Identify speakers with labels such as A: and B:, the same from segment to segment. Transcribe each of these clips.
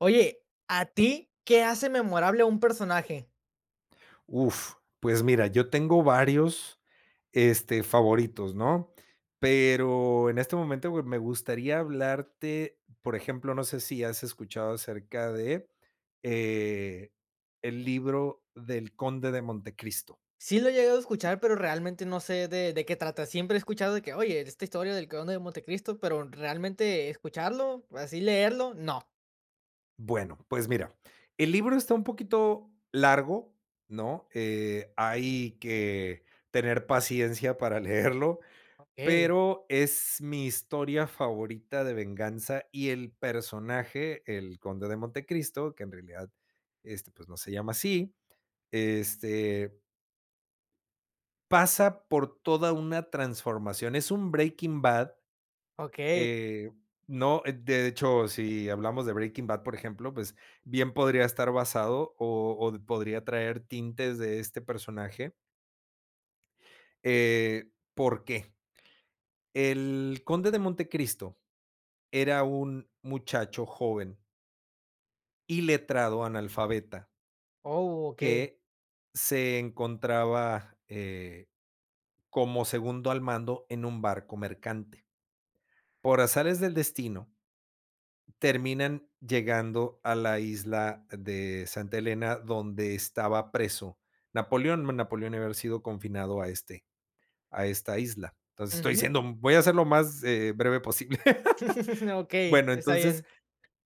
A: Oye, a ti, ¿qué hace memorable un personaje?
B: Uf, pues mira, yo tengo varios, este, favoritos, ¿no? Pero en este momento me gustaría hablarte, por ejemplo, no sé si has escuchado acerca de, eh, el libro del Conde de Montecristo.
A: Sí lo he llegado a escuchar, pero realmente no sé de, de qué trata. Siempre he escuchado de que: "Oye, esta historia del Conde del Montecristo", pero realmente escucharlo, así leerlo, no.
B: Bueno, pues mira, el libro está un poquito largo, ¿no?, eh, hay que tener paciencia para leerlo,
A: Okey.
B: pero es mi historia favorita de venganza, y el personaje, el Conde de Montecristo, que en realidad, este, pues, no se llama así, este pasa por toda una transformación, es un Breaking Bad,
A: Okey.
B: eh, ¿no? De, de hecho si hablamos de Breaking Bad, por ejemplo, pues, bien podría estar basado, o, o podría traer tintes de este personaje. Eh, ¿por qué? El Conde de Montecristo era un muchacho joven. Iletrado analfabeta.
A: Oh, okey.
B: Que se encontraba, eh, como segundo al mando en un barco mercante. Por azares del destino. Terminan llegando a la isla de Santa Elena donde estaba preso Napoleón, Napoleón había sido confinado a este a esta isla. Entonces estoy
A: Ujú.
B: siendo, mm, voy a ser lo más, eh, breve posible.
A: Okey,
B: Bueno
A: está
B: entonces
A: bien.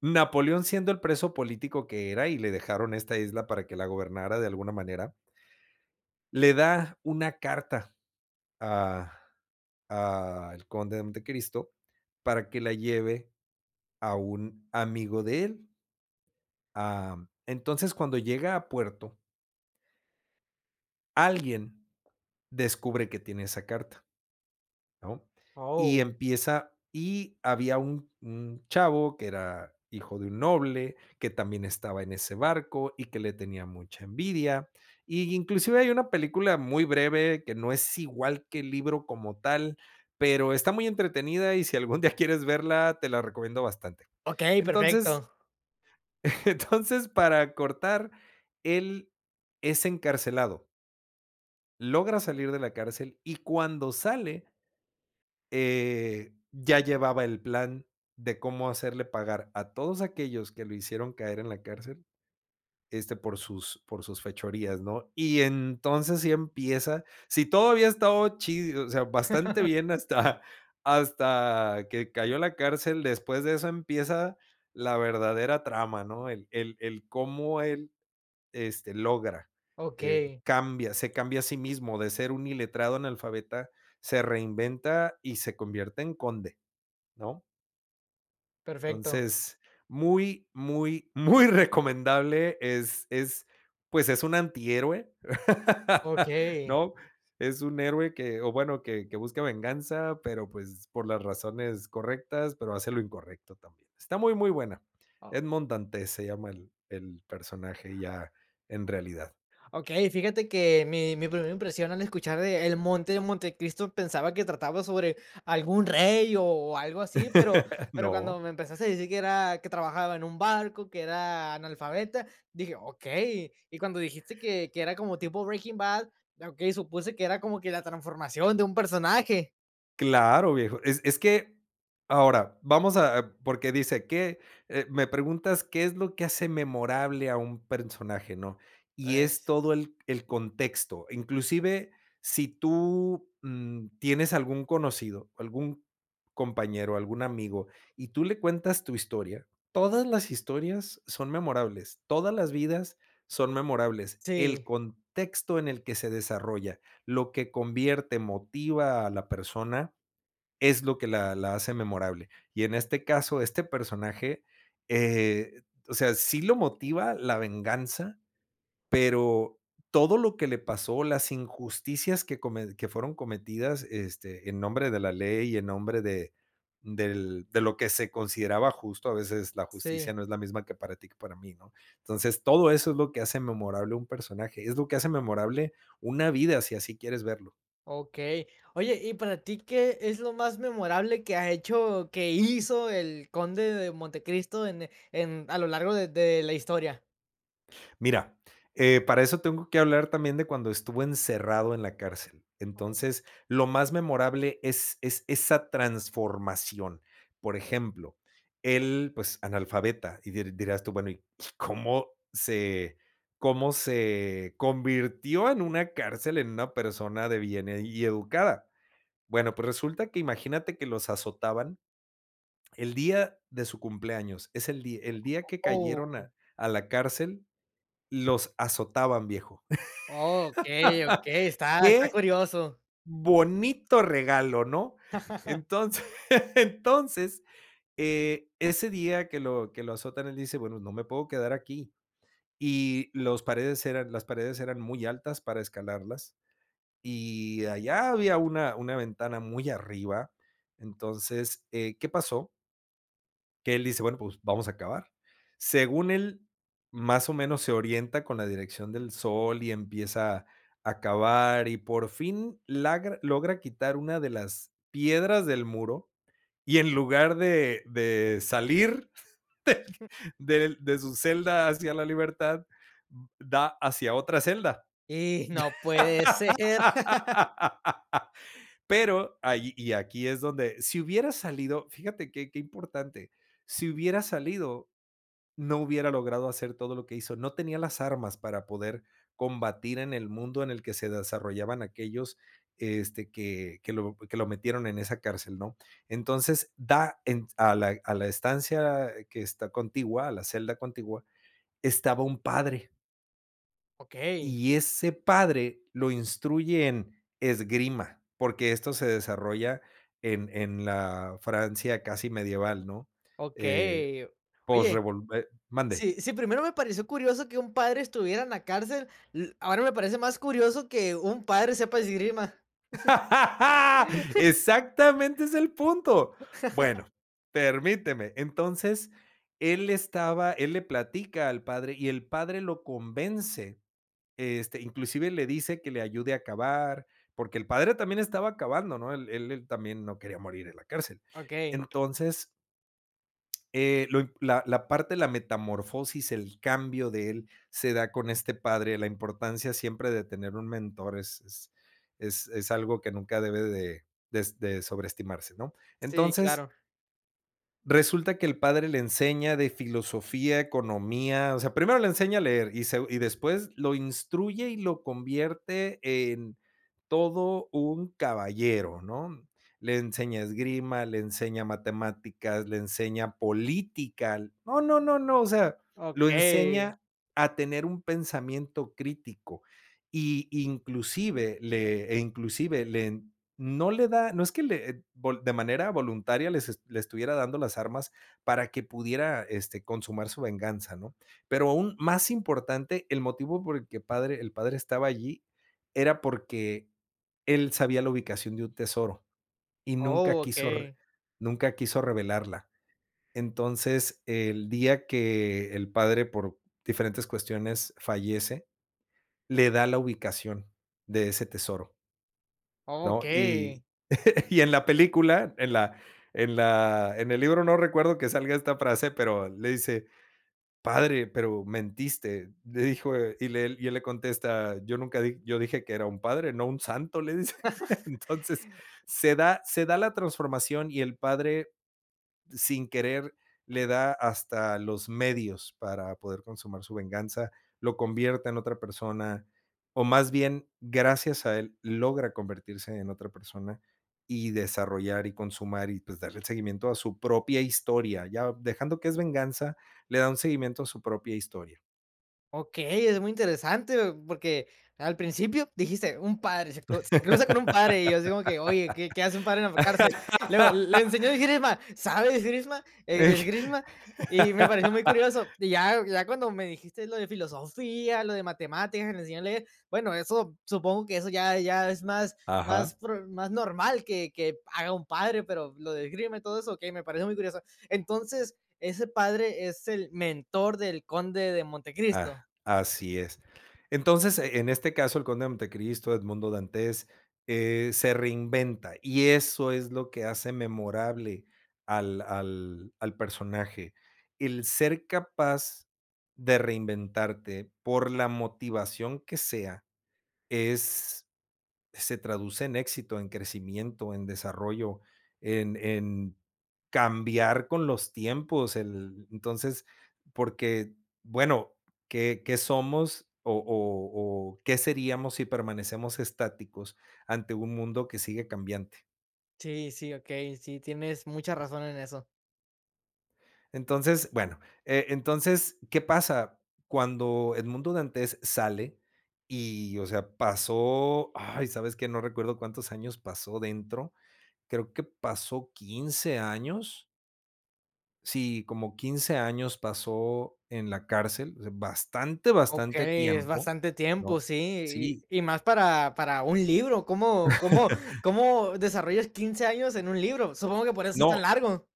B: Napoleón siendo el preso político que era y le dejaron esta isla para que la gobernara de alguna manera. Le da una carta a a el Conde de Montecristo para que la lleve a un amigo de él. Am, entonces cuando llega a puerto. Alguien descubre que tiene esa carta, ¿no? Y
A: Oh.
B: empieza y había un un chavo que era hijo de un noble, que también estaba en ese barco, y que le tenía mucha envidia, y inclusive hay una película muy breve que no es igual que el libro como tal, pero está muy entretenida y, si algún día quieres verla te la recomiendo bastante.
A: Okey,
B: Entonces
A: perfecto.
B: entonces para cortar él es encarcelado. Logra salir de la cárcel y cuando sale. Eh, ya llevaba el plan de cómo hacerle pagar a todos aquellos que lo hicieron caer en la cárcel, este por sus, por sus fechorías, ¿no? Y entonces así empieza, si todavía ha estado chido, o sea, bastante bien hasta, hasta que cayó a la cárcel. Después de eso empieza la verdadera trama, ¿no? El-el el cómo él, este logra, eh,
A: Okey.
B: cambia, se cambia a sí mismo de ser un iletrado analfabeta, se reinventa y se convierte en conde, ¿no?
A: Perfecto.
B: Entonces muy, muy, muy recomendable es es, pues es un antihéroe,
A: Okey.
B: ¿no? Es un héroe que o bueno que que busca venganza pero pues por las razones correctas pero hace lo incorrecto también. Está muy, muy buena.
A: Oh.
B: Edmond Dantès se llama el el personaje ya en realidad.
A: Okey, fíjate que mi mi primer impresión al escuchar de el monte de Montecristo pensaba que trataba sobre algún rey o algo así, pero pero cuando
B: No.
A: me empezaste a decir que era, que trabajaba en un barco, que era analfabeta, dije: "Okey". Y cuando dijiste que que era como tipo Breaking Bad, okey, supuse que era como que la transformación de un personaje.
B: Claro viejo, es es que ahora, vamos a porque dice que, eh, me preguntas, ¿qué es lo que hace memorable a un personaje, no? y es
A: Pues.
B: todo el el contexto, inclusive si tú, mm, tienes algún conocido, algún compañero, algún amigo, y tú le cuentas tu historia, todas las historias son memorables, todas las vidas son memorables. El
A: Sí.
B: contexto en el que se desarrolla, lo que convierte, motiva a la persona, es lo que la la hace memorable, y en este caso este personaje, eh, o sea, sí lo motiva la venganza, pero todo lo que le pasó, las injusticias que comen que fueron cometidas este, en nombre de la ley y en nombre de del de lo que se consideraba justo a veces la justicia
A: Sí.
B: no es la misma que para ti que para mí, ¿no?, entonces todo eso es lo que hace memorable un personaje, es lo que hace memorable una vida si así quieres verlo.
A: Okey. Oye, ¿y para ti qué es lo más memorable que ha hecho, que hizo el Conde de Montecristo en en a lo largo de de la historia?
B: Mira, eh, para eso tengo que hablar también de cuando estuvo encerrado en la cárcel,
A: Oh.
B: entonces lo más memorable es es esa transformación. Por ejemplo, él, pues, analfabeta y diría dirías tú, bueno, cómo se cómo se convirtió en una cárcel en una persona de bien y educada. Bueno pues, resulta que imagínate que los azotaban el día de su cumpleaños, es el día el día que cayeron a
A: Oh.
B: a la cárcel, los azotaban viejo.
A: Okey, okey, está está
B: Qué
A: curioso.
B: bonito regalo, ¿no? Entonces entonces e ese día que lo que lo azotan él dice bueno no me puedo quedar aquí y los paredes eran las paredes eran muy altas para escalarlas y allá había una una ventana muy arriba entonces, eh, ¿qué pasó? Que él dice bueno, pues, vamos a cavar. Según él más o menos se orienta con la dirección del sol y empieza a cavar y por fin logra, quitar una de las piedras del muro y en lugar de de salir del del de su celda hacia la libertad, da hacia otra celda.
A: Y, no puede ser.
B: Pero, ahí y aquí es donde si hubiera salido, fíjate qué qué importante, si hubiera salido, no hubiera logrado hacer todo lo que hizo, no tenía las armas para poder combatir en el mundo en el que se desarrollaban aquellos, este, que que lo que lo metieron en esa cárcel, ¿no? Entonces da en s a la a la estancia que está contigua, a la celda contigua, estaba un padre
A: Okey.
B: y ese padre lo instruye en esgrima, porque, esto se desarrolla en en la Francia casi medieval, ¿no? Eh,
A: Okey.
B: post
A: Oye,
B: revol Eh, mande
A: sí, sí, primero me pareció curioso que un padre estuviera en la cárcel, l ahora me parece más curioso que un padre sepa esgrima.
B: Exactamente es el punto. Bueno, permíteme, entonces él estaba él le platica al padre y el padre lo convence, este, inclusive le dice que le ayude a cavar porque, el padre también estaba cavando, ¿no? Él él él también, no quería morir en la cárcel.
A: Okey.
B: Entonces eh, lo impo la la parte de la metamorfosis, el cambio de él, se da con este padre, la importancia siempre de tener un mentor, es es es es algo que nunca debe de de s de sobreestimarse, ¿no?
A: Sí,
B: Entonces
A: claro.
B: resulta que el padre le enseña de filosofía, economía, o sea, primero le enseña a leer y segu y después lo instruye y lo convierte en todo un caballero, ¿no? Le enseña esgrima, le enseña matemáticas, le enseña política, no no no no, o sea, lo
A: Okey.
B: enseña a tener un pensamiento crítico y inclusive le, eh, inclusive le no le da, no es que le, eh vol de manera voluntaria les eh, le estuviera dando las armas para que pudiera este consumar su venganza, ¿no? Pero, aún más importante el motivo por el que padre el padre estaba allí, era porque, él sabía la ubicación de un tesoro y nunca quiso re
A: Okey.
B: nunca quiso revelarla. Entonces, el día que el padre, por diferentes cuestiones, fallece, le da la ubicación de ese tesoro. ¿No?
A: Okey.
B: Y y en la película, en la en la en el libro, no recuerdo que salga esta frase, pero, le dice: "padre, pero mentiste", le dijo y le y él le contesta, yo nunca di yo dije que era un padre, no un santo, le dice. Entonces, se da se da la transformación y el padre, sin querer, le da hasta los medios para poder consumar su venganza, lo convierte en otra persona, o más bien, gracias a él, logra convertirse en otra persona y desarrollar, y consumar y, pues, darle el seguimiento a su propia historia. Ya dejando que es venganza, le da un seguimiento a su propia historia.
A: Okey, es muy interesante, porque al principio dijiste: "Un padre se cru se cruza con un padre" y yo así como que: "Oye, ¿qué qué hace un padre en la cárcel?". Luego: "Le enseñó esgrima", ¿sabe esgrima? ¿E
B: Ey.
A: esgrima? Y me pareció muy curioso, y ya ya cuando me dijiste lo de filosofía, lo de matemáticas, que les enseñó a leer, bueno, eso supongo que eso ya ya es más más
B: Ajá.
A: prud más normal que que haga un padre, pero lo de esgrima y todo eso, okey, me pareció muy interesan Entonces, ese padre es el mentor del Conde de Montecristo.
B: Ah, así es. Entonces, en este caso, el conde de Monte Cristo, Edmundo Dantés, eh, se reinventa y eso es lo que hace memorable al al al personaje. El ser capaz de reinventarte por la motivación que sea es se traduce en éxito, en crecimiento, en desarrollo, en en cambiar con los tiempos, el entonces porque, bueno, ¿qué qué somos, o o o qué seríamos si permanecemos estáticos ante un mundo que sigue cambiante?
A: Sí, sí, okey, sí, tienes mucha razón en eso.
B: Entonces, bueno, eh, entonces, ¿qué pasa cuando Edmundo Dantés sale?, y o sea, pasó, ay, sabes que no recuerdo cuántos años pasó dentro, creo que pasó 15 años sí, como 15 años pasó en la cárcel bastante, bastante
A: Okey, es
B: tiempo,
A: bastante tiempo,
B: ¿no?
A: sí,
B: Sí.
A: y, y más para, para un libro, ¿cómo, cómo, cómo desarrollas 15 años en un libro? Supongo que por eso es
B: No,
A: tan largo.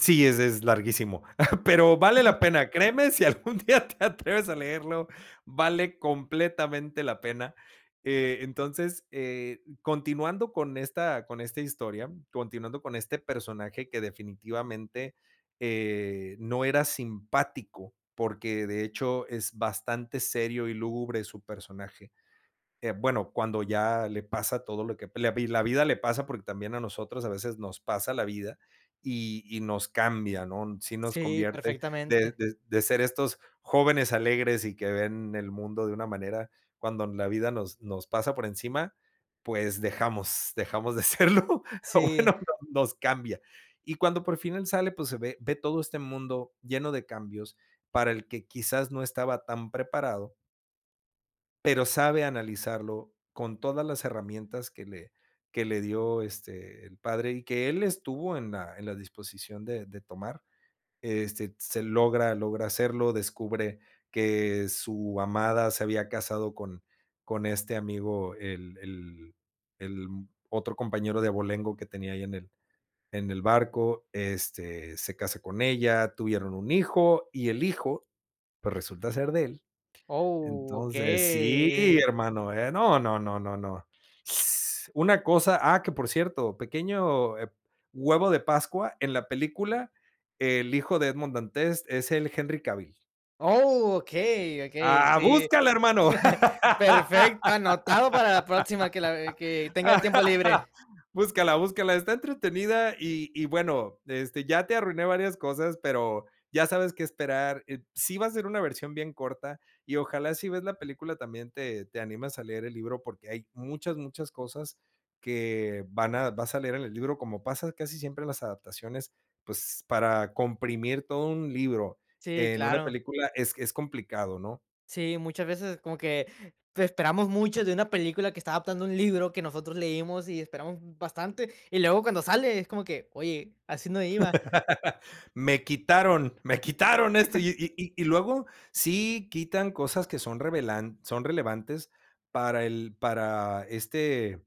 B: sí, ese es larguísimo, pero vale la pena, créeme, si algún día te atreves a leerlo, vale completamente la pena. Eh, entonces, eh, continuando con esta con esta historia, continuando con este personaje que definitivamente, eh, no era simpático, porque de hecho es bastante serio y lúgubre su personaje. Eh, bueno, cuando ya le pasa todo lo que la vi la vida le pasa, porque también a nosotros a veces nos pasa la vida y, y nos cambia, ¿no,? sí nos
A: Sí,
B: convierte de
A: perfectamente.
B: de, de ser estos jóvenes alegres, y que ven el mundo de una manera, cuando la vida nos nos pasa por encima, pues, dejamos dejamos de serlo, o
A: Sí.
B: bueno, nos cambia. Y cuando por fin él sale, pues, se ve ve todo este mundo lleno de cambios para el que quizás no estaba tan preparado pero sabe analizarlo con todas las herramientas que le que le dio este, el padre y que él estuvo en la en la disposición de de tomar. Este se logra logra hacerlo descubre que su amada se había casado con con este amigo el el el otro compañero de abolengo que tenía ahí en el en el barco, este, se casa con ella, tuvieron un hijo y el hijo, pues resulta ser de él.
A: Oh,
B: Entonces, sí
A: okey.
B: hermano, eh, no, no, no no, no s una cosa, ah que por cierto, pequeño eh huevo de pascua, en la película, el hijo de Edmond Dantès es él Henry Cavill.
A: Oh, okey, okey,
B: Ah,
A: sí.
B: búscala, hermano,
A: Perfecto, anotado para la próxima que la que tenga tiempo libre.
B: búscala búscala, está entretenida y y bueno, este, ya te arruiné varias cosas, pero, ya sabes que esperar, eh, sí va a ser una versión bien corta y ojalá si ves la película también, te te animas a leer el libro porque hay muchas muchas cosas, que van a vas a leer en el libro como pasa casi siempre en las adaptaciones, pues, para comprimir todo un libro
A: Sí,
B: en una
A: claro.
B: película es es complicado, ¿no?
A: Sí, muchas veces como que esperamos mucho de una película que está adaptando un libro, que nosotros leímos y esperamos bastante, y luego cuando sale, es como que oye, así no iba.
B: Me quitaron me quitaron esto, y y y luego sí quitan cosas que son revelan son relevantes para el para este,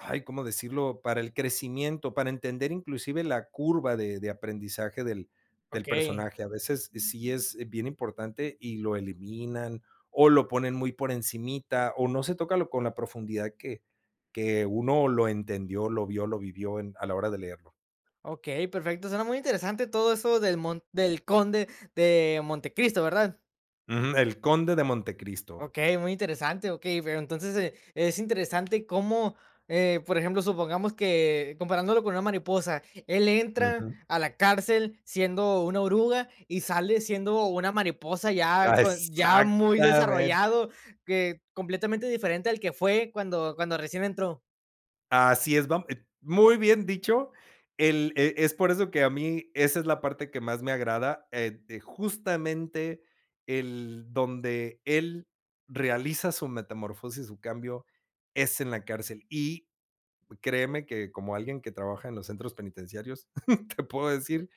B: ay, ¿cómo decirlo? Para el crecimiento, para entender inclusive la curva de de aprendizaje del del
A: Okey.
B: personaje, a veces sí es bien importante y lo eliminan, o lo ponen muy por encimita, o no se toca, lo con la profundidad que que uno lo entendió, lo vio, lo vivió, en a la hora de leerlo.
A: Okey, perfecto, suena muy interesante todo eso del mon del conde de Montecristo, ¿verdad?
B: Ujú, El Conde de Montecristo.
A: Okey, muy interesante, okey, pero entonces, eh, es interesante cómo, eh, por ejemplo, supongamos que, comparándolo con una mariposa, él entra
B: Ujú.
A: a la cárcel siendo una oruga y sale siendo una mariposa ya
B: Ah,
A: con ya muy
B: exactamente.
A: desarrollado, que completamente diferente al que fue cuando cuando recién entró.
B: Así es, vam eh ¡muy bien dicho! El e es por eso que a mí, esa es la parte que más me agrada, ed eh, justamente el donde él realiza su metamorfosis y su cambio es en la cárcel y, créeme que como alguien que trabaja en los centros penitenciarios te puedo decir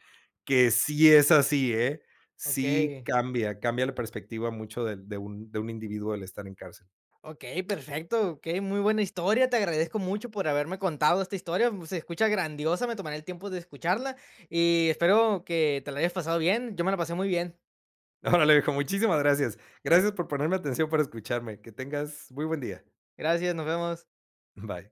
B: que sí es así, ¿eh? Sí
A: Okey.
B: cambia, cambia la perspectiva mucho de de un de un individuo el estar en cárcel.
A: Okey, perfecto, okey, muy buena historia, te agradezco mucho por haberme contado esta historia, mm, se escucha grandiosa, me tomaré el tiempo de escucharla y espero que te la hayas pasado bien, yo me la pasé muy bien.
B: Órale, viejo, muchísimas gracias, gracias por ponerme atención por escucharme, que tengas muy buen día.
A: Gracias, nos vemos.
B: Bye.